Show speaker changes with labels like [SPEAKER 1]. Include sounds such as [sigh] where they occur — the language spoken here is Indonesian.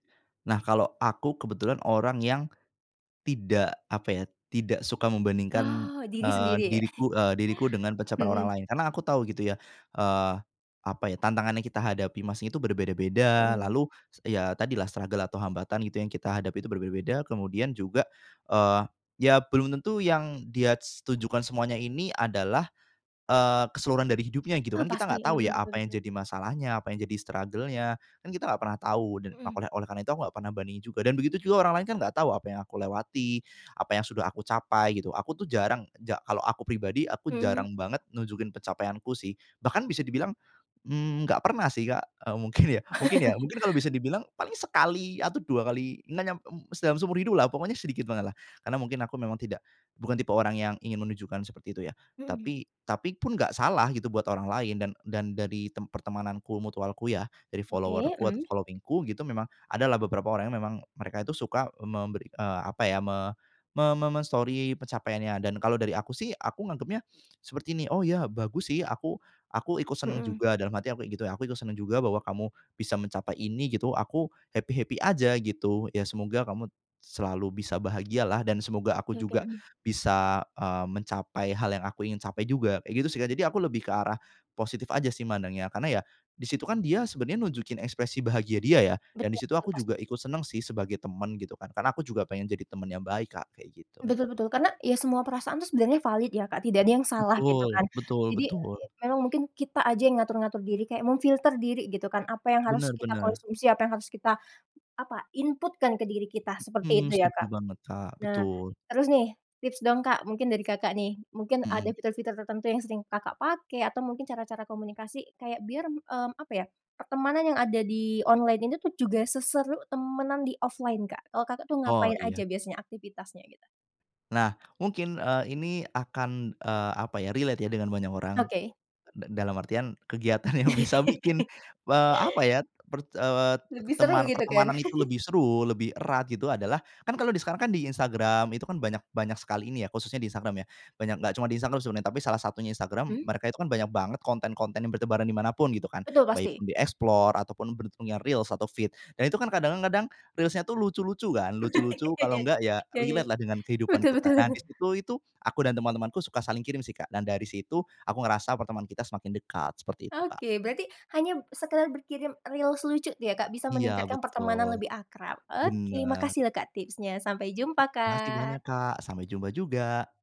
[SPEAKER 1] Nah, kalau aku kebetulan orang yang tidak apa ya, tidak suka membandingkan,
[SPEAKER 2] Oh, diri
[SPEAKER 1] eee,
[SPEAKER 2] sendiri ya. [chuckles]
[SPEAKER 1] diriku, eee, diriku dengan pencapaian orang
[SPEAKER 2] Hmm.
[SPEAKER 1] lain karena aku tahu gitu ya, eee, apa ya, tantangan yang kita hadapi masing itu berbeda-beda.
[SPEAKER 2] Hmm.
[SPEAKER 1] Lalu, s ya tadilah struggle atau hambatan gitu yang kita hadapi itu berbeda-beda kemudian juga, eee, ya belum tentu yang dia s tujukan semuanya ini adalah, eee, keseluruhan dari hidupnya gitu.
[SPEAKER 2] Ah,
[SPEAKER 1] Kan kita
[SPEAKER 2] pasti.
[SPEAKER 1] nggak tahu
[SPEAKER 2] Mhm,
[SPEAKER 1] ya
[SPEAKER 2] betul
[SPEAKER 1] apa yang
[SPEAKER 2] betul.
[SPEAKER 1] jadi masalahnya apa yang jadi struggle-nya, kan kita gak pernah tahu dan
[SPEAKER 2] Mhm.
[SPEAKER 1] akolnya oleh karena itu enggak pernah berani juga, dan begitu juga orang lain nggak tahu apa yang aku lewati, apa yang sudah aku capai gitu. Aku tuh jarang ja kalau aku pribadi, aku
[SPEAKER 2] Mhm.
[SPEAKER 1] jarang banget nunjukin pencapaianku sih bahkan bisa dibilang, mmm, nggak pernah sih Kak, eee, mungkin ya mungkin ya,
[SPEAKER 2] [chuckles]
[SPEAKER 1] mungkin kalau bisa dibilang paling sekali atau 2 kali, na nyam dalam seumur hidup lah pokoknya sedikit banget lah, karena mungkin aku memang tidak, bukan tipe orang yang ingin menunjukkan seperti itu ya,
[SPEAKER 2] Hmm.
[SPEAKER 1] tapi tapi pun gak salah gitu buat orang lain dan dan dari tem pertemananku mutualku ya dari
[SPEAKER 2] Oke.
[SPEAKER 1] follower-ku,
[SPEAKER 2] Mhm.
[SPEAKER 1] following-ku gitu memang adalah beberapa orang memang mereka itu suka memberi, eee, apa ya me me me me-Story pencapaiannya dan kalau dari aku sih aku nganggepnya seperti ini, oh ya bagus sih aku aku ikut seneng
[SPEAKER 2] Hmm.
[SPEAKER 1] juga, dalam hati aku kayak gitu ya, aku itu seneng juga bahwa kamu bisa mencapai ini gitu, aku happy-happy aja gitu. Ya semoga kamu selalu bisa bahagialah dan semoga aku
[SPEAKER 2] Oke.
[SPEAKER 1] juga
[SPEAKER 2] Mhm.
[SPEAKER 1] bisa, eee, mencapai hal yang aku ingin capai juga kayak gitu sih Kak. Jadi aku lebih ke arah positif aja sih, mandangnya karena ya di situ kan dia sebenarnya nunjukin ekspresi bahagia dia ya, dan di
[SPEAKER 2] Betul
[SPEAKER 1] situ
[SPEAKER 2] betul,
[SPEAKER 1] aku
[SPEAKER 2] pasti.
[SPEAKER 1] juga ikut seneng sih sebagai teman gitu kan. Karena aku juga pengen jadi teman yang baik Kak kayak gitu.
[SPEAKER 2] Betul betul. Karena ya semua perasaan tuh sebenarnya valid ya Kak, tidak ada yang salah gitu
[SPEAKER 1] Betul,
[SPEAKER 2] kan.
[SPEAKER 1] betul
[SPEAKER 2] Jadi,
[SPEAKER 1] betul.
[SPEAKER 2] e memang mungkin kita aja yang ngatur-ngatur diri kayak memfilter diri gitu kan, apa yang harus
[SPEAKER 1] Benar
[SPEAKER 2] kita
[SPEAKER 1] benar.
[SPEAKER 2] konsumsi, apa yang harus kita apa, input kan ke diri kita seperti
[SPEAKER 1] Hmm,
[SPEAKER 2] itu ya
[SPEAKER 1] setuju
[SPEAKER 2] Kak.
[SPEAKER 1] banget Kak.
[SPEAKER 2] Nah
[SPEAKER 1] Betul.
[SPEAKER 2] terus nih tips dong Kak, mungkin dari Kakak nih, mungkin ada
[SPEAKER 1] Mhm.
[SPEAKER 2] fitur-fitur tertentu yang sering Kakak pakai atau mungkin cara-cara komunikasi kayak biar, eee, apa ya, pertemanan yang ada di online ini tuh juga seseru temenan di offline Kak. Kalau Kakak tuh
[SPEAKER 1] Oh
[SPEAKER 2] ngapain
[SPEAKER 1] iya.
[SPEAKER 2] aja biasanya aktivitasnya gitu?
[SPEAKER 1] Nah, mungkin, eee, ini akan, eee, apa ya, relate ya dengan banyak orang,
[SPEAKER 2] Oke.
[SPEAKER 1] d dalam artian kegiatan yang bisa bikin,
[SPEAKER 2] [laughs]
[SPEAKER 1] eee, apa ya per eee,
[SPEAKER 2] Lebih seru
[SPEAKER 1] teman
[SPEAKER 2] gitu kan?
[SPEAKER 1] pertemanan itu
[SPEAKER 2] [chuckles]
[SPEAKER 1] lebih seru lebih erat gitu adalah, kan kalau sekarang kan di Instagram itu kan banyak banyak sekali ini ya khususnya di Instagram ya, banyak gak cuma di Instagram sebenarnya. Tapi salah satunya Instagram,
[SPEAKER 2] Hmm.
[SPEAKER 1] mereka itu kan banyak banget konten-konten yang bertebaran di mana pun gitu kan,
[SPEAKER 2] Betul
[SPEAKER 1] baik
[SPEAKER 2] pasti.
[SPEAKER 1] di Explore ataupun bentuknya Reels atau Feed dan itu kan kadang-kadang Reels-nya tuh lucu-lucu kan, lucu-lucu kalau
[SPEAKER 2] [laughs]
[SPEAKER 1] enggak ya
[SPEAKER 2] Ya ya.
[SPEAKER 1] relate lah dengan kehidupan
[SPEAKER 2] Betul
[SPEAKER 1] kita.
[SPEAKER 2] betul.
[SPEAKER 1] Nah di situ itu, aku dan teman-temanku suka saling kirim sih Kak, dan dari situ aku ngerasa pertemanan kita semakin dekat, seperti itu Kak.
[SPEAKER 2] Oke, berarti hanya sekedar berkirim Reels lucu ya, Kak, bisa
[SPEAKER 1] Iya
[SPEAKER 2] meningkatkan pertemanan
[SPEAKER 1] betul.
[SPEAKER 2] lebih akrab. Oke,
[SPEAKER 1] Benar.
[SPEAKER 2] makasih loh Kak tipsnya. Sampai jumpa
[SPEAKER 1] Makasih
[SPEAKER 2] Kak.
[SPEAKER 1] banyak Kak. Sampai jumpa juga.